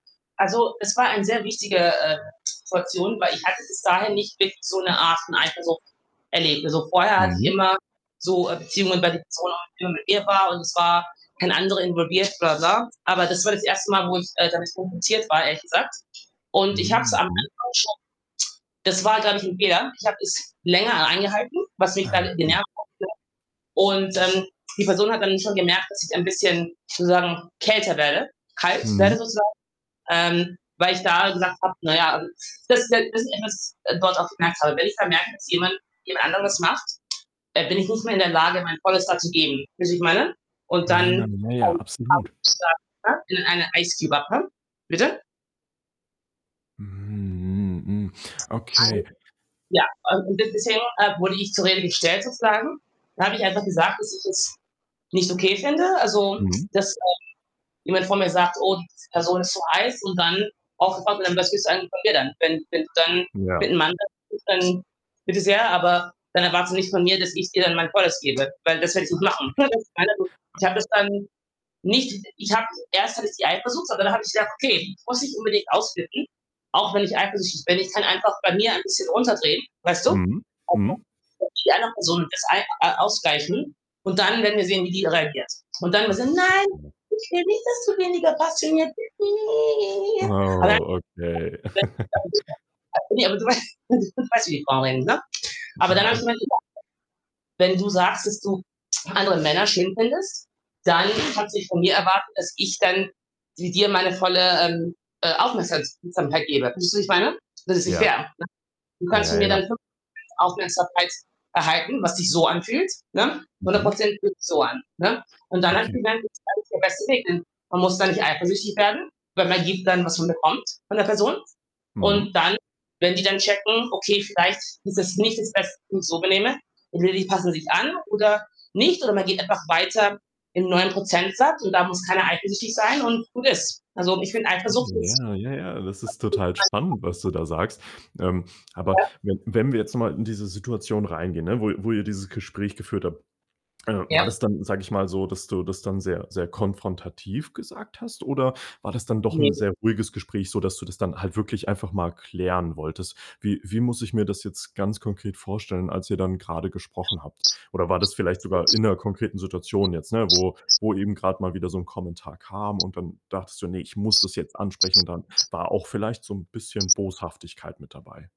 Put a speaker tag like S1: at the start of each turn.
S1: Also, es war ein sehr wichtige, äh, Situation, weil ich hatte bis dahin nicht wirklich so 'ne Art von Eifersucht erlebt. Also, vorher hatte ich
S2: Mhm.
S1: immer so, äh, Beziehungen, [unintelligible] immer mit mir war und es war kein anderer involviert, bla, bla, bla. Aber das war das 1. Mal, wo ich, äh, damit konfrontiert war, ehrlich gesagt und ich habe es
S2: Hm,
S1: am
S2: mhm.
S1: Anfang schon das war, glaube ich, 'n Fehler. Ich habe das länger eingehalten, was mich
S2: Aha,
S1: dann in die
S2: hm.
S1: [unintelligible] und, ähm, die Person hat dann schon gemerkt, dass ich ein bisschen sozusagen kälter werde kalt werde
S2: Mhm.
S1: sozusagen, ähm, weil ich da gesagt habe: „Na ja“ also, das halt das ist etwas, äh, dort auch gemerkt habe. Wenn ich dann merke, dass jemand jemand anderes macht, äh, bin ich nicht mehr in der Lage, mein volles da zu geben, weißt du, wie ich meine? Und
S2: Ah, ja,
S1: dann
S2: ja, absolut.
S1: [unintelligible] in einer [unintelligible] bitte?
S2: Hm, hm, hm,
S1: Also,
S2: okay.
S1: ja, und und des deswegen, äh, wurde ich zur Rede gestellt sozusagen. Da habe ich einfach gesagt, dass ich es nicht okay finde, also,
S2: Mhm.
S1: dass, ähm, jemand von mir sagt: „Oh, diese Person, ist so heiß“ und dann auch sofort: „Ähm, was willst du eigentlich von mir dann?“, wenn wenn du dann
S2: Ja.
S1: mit'm Mann [unintelligible] dann, bitte sehr, aber dann erwarte nicht von mir, dass ich dir dann mein Volles gebe, weil das werde ich nicht machen.
S2: Okay.
S1: [unintelligible] Ich habe das dann nicht ich habe erst habe ich die Eifersucht, aber dann habe ich gedacht: „Okay, muss ich unbedingt ausflippen, auch wenn ich eifersüchtig bin?“ Ich kann einfach bei mir ein bisschen runterdrehen, weißt du?
S2: Mhm,
S1: [unintelligible]
S2: mhm.
S1: wie anderen Personen das einfach, äh, ausgleichen und dann werden wir sehen, wie die reagiert. Und dann war so: „Nein,
S2: [unintelligible]
S1: ich will nicht, dass du weniger passioniert bist.“ Aber dann
S2: Oh, okay.
S1: [unintelligible] ne, aber du weißt du weißt, wie Frauen reden, ne? Aber dann habe ich
S2: [unintelligible]
S1: mir halt gedacht: „Wenn du sagst, dass du andere Männer schön findest, dann kannst du nicht von mir erwarten, dass ich dann di dir meine volle, ähm, äh, Aufmerksams samkeit gebe.“ Weißt du, wie ich meine? Das ist nicht
S2: Ja.
S1: fair, ne? Du kannst
S2: Ja,
S1: von mir
S2: ja.
S1: dann [unintelligible] Aufmerksamkeit erhalten, was sich so anfühlt, ne? hundert
S2: Mhm.
S1: Prozent fühlt sich so an, ne? Und dann habe ich
S2: Okay.
S1: gesagt: „Ist eigentlich der beste Weg“, ne? Man muss da nicht eifersüchtig werden, weil man gibt dann, was man bekommt von der Person und
S2: Mhm.
S1: dann, wenn die dann checken: „Okay, vielleicht ist das nicht das Beste [unintelligible] so benehme“, entweder die passen sich an oder nicht oder man geht einfach weiter im neuen Prozentsatz und da muss keiner eifersüchtig sein und gut ist. Also, ich finde, Eifersucht
S2: Verstehe,
S1: ist.
S2: ja, ja, ja, das ist total spannend, was
S1: [unintelligible]
S2: du da sagst. Ähm, aber
S1: Ja.
S2: wenn wenn wir jetzt noch mal in diese Situation reingehen, ne, wo i wo ihr dieses Gespräch geführt habt, äh, war
S1: Ja.
S2: das dann, sage ich mal, so, dass du das dann sehr sehr konfrontativ gesagt hast? Oder war das dann doch 'n
S1: Ne.
S2: sehr ruhiges Gespräch, sodass du das dann halt wirklich einfach mal klären wolltest? Wie wie muss ich mir das jetzt ganz konkret vorstellen, als ihr dann grade gesprochen habt? Oder war das vielleicht sogar in 'ner konkreten Situation jetzt, ne, wo wo eben grad mal wieder so 'n Kommentar kam und dann dachtest du: „Ne, ich muss das jetzt ansprechen“ und dann war auch vielleicht so 'n bisschen Boshaftigkeit mit dabei?